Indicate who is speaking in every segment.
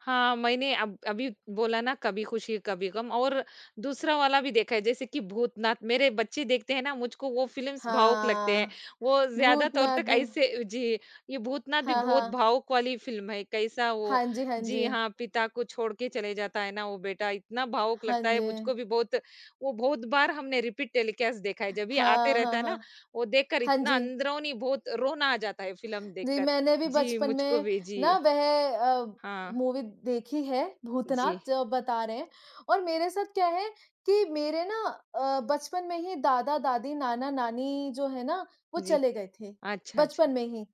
Speaker 1: हाँ, मैंने अब अभी बोला ना कभी खुशी कभी ग़म, और दूसरा वाला भी देखा है जैसे कि भूतनाथ, मेरे बच्चे देखते हैं ना, मुझको वो फ़िल्म्स भावुक लगते हैं।
Speaker 2: हाँ,
Speaker 1: वो ज़्यादातर
Speaker 2: भूतनाथ
Speaker 1: तक
Speaker 2: भी
Speaker 1: ऐसे जी, ये भूतनाथ भी
Speaker 2: हाँ,
Speaker 1: बहुत
Speaker 2: हाँ।
Speaker 1: भावुक वाली फ़िल्म है, कैसा वो
Speaker 2: हाँ जी, हाँ
Speaker 1: जी
Speaker 2: जी।
Speaker 1: हाँ, पिता को छोड़ के चले जाता है ना वो बेटा, इतना भावुक
Speaker 2: हाँ
Speaker 1: लगता है मुझको
Speaker 2: जी।
Speaker 1: भी बहुत वो बहुत बार हमने रिपीट टेलीकास्ट देखा है, जब भी आते
Speaker 2: हाँ,
Speaker 1: रहता
Speaker 2: हाँ,
Speaker 1: है ना,
Speaker 2: हाँ।
Speaker 1: वो देखकर
Speaker 2: हाँ
Speaker 1: इतना
Speaker 2: जी।
Speaker 1: अंदरूनी बहुत रोना आ जाता है फ़िल्म
Speaker 2: जी
Speaker 1: देखकर।
Speaker 2: मैंने भी
Speaker 1: जी,
Speaker 2: बचपन
Speaker 1: मुझको
Speaker 2: में
Speaker 1: भी जी।
Speaker 2: ना वह अ,
Speaker 1: हाँ।
Speaker 2: मूवी देखी है भूतनाथ
Speaker 1: जी।
Speaker 2: जो आप बता रहे हैं, और मेरे साथ क्या है कि मेरे ना अ, बचपन में ही दादा-दादी, नाना-नानी जो हैं ना, वो
Speaker 1: जी।
Speaker 2: चले गए थे
Speaker 1: अच्छा,
Speaker 2: बचपन
Speaker 1: अच्छा।
Speaker 2: में ही।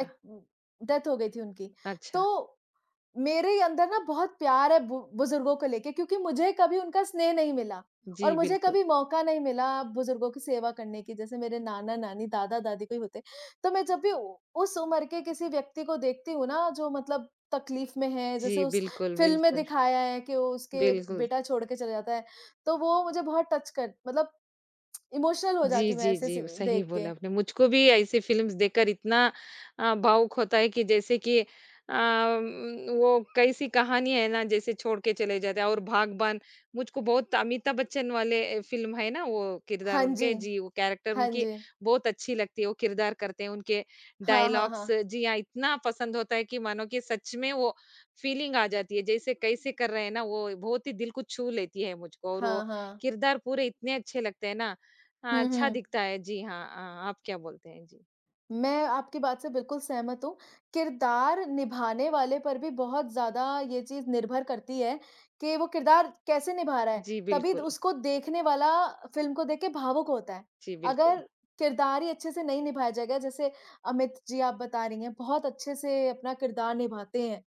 Speaker 2: ए डेथ हो गई थी उनकी।
Speaker 1: अच्छा।
Speaker 2: तो मेरे अंदर ना बहुत प्यार है बु बुज़ुर्गों को लेके क्योंकि मुझे कभी उनका स्नेह नहीं मिला और
Speaker 1: जी,
Speaker 2: मुझे
Speaker 1: बिल्कुल।
Speaker 2: कभी मौका नहीं मिला बुज़ुर्गों की सेवा करने की जैसे मेरे नाना-नानी, दादा-दादी कोई होते, तो मैं जब भी उ उस उम्र के किसी व्यक्ति को देखती हूँ ना जो मतलब तकलीफ़ में है, जैसे
Speaker 1: जी,
Speaker 2: उस
Speaker 1: बिल्कुल,
Speaker 2: फ़िल्म में
Speaker 1: बिल्कुल।
Speaker 2: दिखाया है कि वो उसके
Speaker 1: बिल्कुल।
Speaker 2: बेटा छोड़ के चला जाता है, तो वो मुझे बहुत टच कर मतलब इमोशनल हो
Speaker 1: जी,
Speaker 2: जाती हूँ मैं
Speaker 1: जी,
Speaker 2: ऐसे
Speaker 1: जी,
Speaker 2: सीन
Speaker 1: सही
Speaker 2: देख
Speaker 1: बोला
Speaker 2: के।
Speaker 1: आपने। मुझको भी ऐसी फ़िल्म्स देखकर इतना अ, भावुक होता है कि जैसे कि अ, उम्म, वो कैसी कहानी है ना? जैसे छोड़ के चले जाते हैं और बाग़बान मुझको बहुत अमिताभ बच्चन वाले फ़िल्म है ना वो किरदार
Speaker 2: हाँ
Speaker 1: उनके
Speaker 2: जी।
Speaker 1: जी वो कैरेक्टर
Speaker 2: हाँ
Speaker 1: उनकी
Speaker 2: जी।
Speaker 1: बहुत अच्छी लगती है, वो किरदार करते हैं उनके
Speaker 2: हाँ हाँ
Speaker 1: डायलॉग्स
Speaker 2: हाँ।
Speaker 1: जी हाँ, इतना पसंद होता है कि मानो कि सच में वो फ़ीलिंग आ जाती है। जैसे कैसे कर रहे हैं ना वो बहुत ही दिल को छू लेती है मुझको, और वो
Speaker 2: हाँ, हाँ।
Speaker 1: किरदार पूरे इतने अच्छे लगते हैं ना, हाँ
Speaker 2: हुँ,
Speaker 1: अच्छा
Speaker 2: हुँ।
Speaker 1: दिखता है जी हाँ, अ, आप क्या बोलते हैं, जी?
Speaker 2: मैं आपकी बात से बिल्कुल सहमत हूँ। किरदार निभाने वाले पर भी बहुत ज़्यादा ये चीज़ निर्भर करती है कि वो किरदार कैसे निभा रहा है?
Speaker 1: जी,
Speaker 2: तभी द
Speaker 1: बिल्कुल।
Speaker 2: उसको देखने वाला फ़िल्म को देख़ के भावुक होता है।
Speaker 1: जी, बिल्कुल।
Speaker 2: अगर किरदार ही अच्छे से नहीं निभाया जाएगा जैसे अमित जी आप बता रही हैं बहुत अच्छे से अपना किरदार निभाते हैं।